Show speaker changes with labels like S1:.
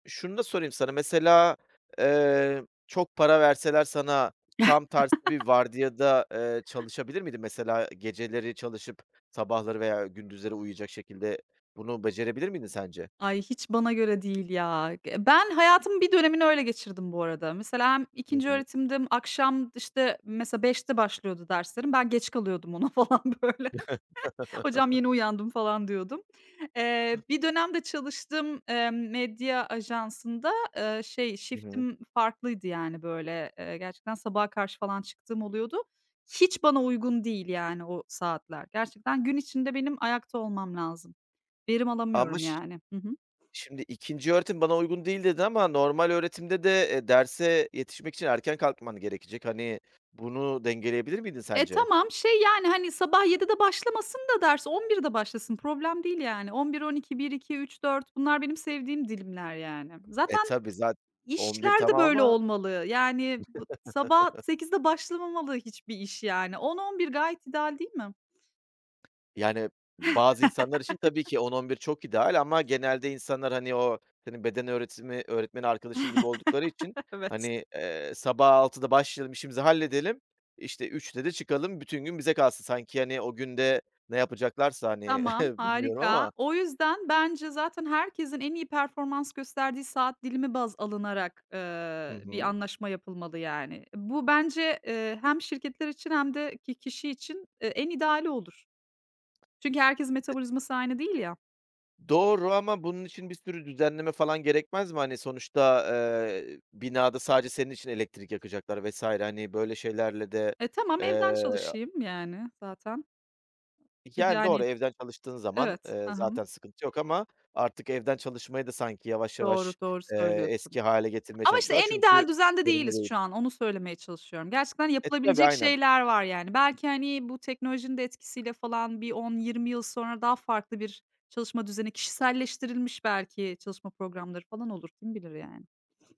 S1: Şunu da sorayım sana, mesela, eee, çok para verseler sana tam tersi bir vardiyada, ııı, çalışabilir miydin? Mesela, geceleri çalışıp, sabahları veya gündüzleri uyuyacak şekilde bunu becerebilir miydin sence?
S2: Ay, hiç bana göre değil ya. Eee, ben hayatımın bir dönemini öyle geçirdim bu arada. Mesela hem
S1: Hı
S2: ikinci
S1: hı.
S2: öğretimdim, akşam, d işte, mesela 5’te başlıyordu derslerim, ben geç kalıyordum ona falan, böyle. Hocam, yeni uyandım, falan diyordum. Eee, bir dönem de çalıştığım, eee, medya ajansında, ııı, şey,
S1: Hı hı.
S2: shift'im farklıydı, yani, böyle, eee, gerçekten sabaha karşı falan çıktığım oluyordu. Hiç bana uygun değil, yani, o saatler. Gerçekten gün içinde benim ayakta olmam lazım. Verim
S1: Ama
S2: alamıyorum,
S1: ş
S2: yani. Hı hı.
S1: şimdi, "İkinci öğretim bana uygun değil." dedin ama normal öğretimde de, eee, derse yetişmek için erken kalkman gerekecek. Hani, bunu dengeleyebilir miydin
S2: E,
S1: sence?
S2: tamam, şey, yani, hani, sabah 7’de başlamasın da ders, 11’de başlasın. Problem değil, yani. 11-12-1-2-3-4 bunlar benim sevdiğim dilimler, yani.
S1: E,
S2: Zaten
S1: tabii, zat 11
S2: işler de
S1: tamam
S2: böyle
S1: ama
S2: olmalı. Yani, b sabah 8’de başlamamalı hiçbir iş, yani, 10-11 gayet ideal değil mi?
S1: Yani, bazı insanlar için tabii ki 10-11 çok ideal ama genelde insanlar, hani, o senin beden öğretimi öğretmeni arkadaşın gibi oldukları için,
S2: Evet.
S1: hani, eee, sabah 6’da başlayalım, işimizi halledelim, işte, 3’te de çıkalım, bütün gün bize kalsın. Sanki, hani, o gün de ne yapacaklarsa, hani,
S2: Tamam,
S1: bilmiyorum
S2: harika.
S1: ama.
S2: O yüzden bence zaten herkesin en iyi performans gösterdiği saat dilimi baz alınarak,
S1: Hı
S2: ııı, bir
S1: hı.
S2: anlaşma yapılmalı, yani. Bu bence, ııı, hem şirketler için hem de ki kişi için, ııı, en ideali olur. Çünkü herkesin metabolizması aynı değil ya.
S1: Doğru ama bunun için bir sürü düzenleme falan gerekmez mi? Hani, sonuçta, eee, binada sadece senin için elektrik yakacaklar vs. hani, böyle şeylerle de,
S2: E, tamam, evden
S1: eee, a
S2: çalışayım, yani, zaten.
S1: Yani, doğru
S2: Yani
S1: evden çalıştığın zaman,
S2: Evet. Hı
S1: ııı,
S2: hı.
S1: zaten sıkıntı yok ama artık evden çalışmayı da sanki yavaş
S2: Doğru,
S1: yavaş,
S2: doğru
S1: eee,
S2: söylüyorsun.
S1: eski hâle getirmeye
S2: Ama, işte,
S1: çalışıyorlar
S2: en
S1: çünkü
S2: ideal düzende
S1: verimli
S2: değiliz
S1: değil.
S2: şu an. Onu söylemeye çalışıyorum. Gerçekten
S1: E, tabii,
S2: yapılabilecek
S1: aynen.
S2: şeyler var, yani. Belki, hani, bu teknolojinin de etkisiyle falan bir 10-20 yıl sonra daha farklı bir çalışma düzeni, kişiselleştirilmiş belki çalışma programları falan olur. Kim bilir, yani?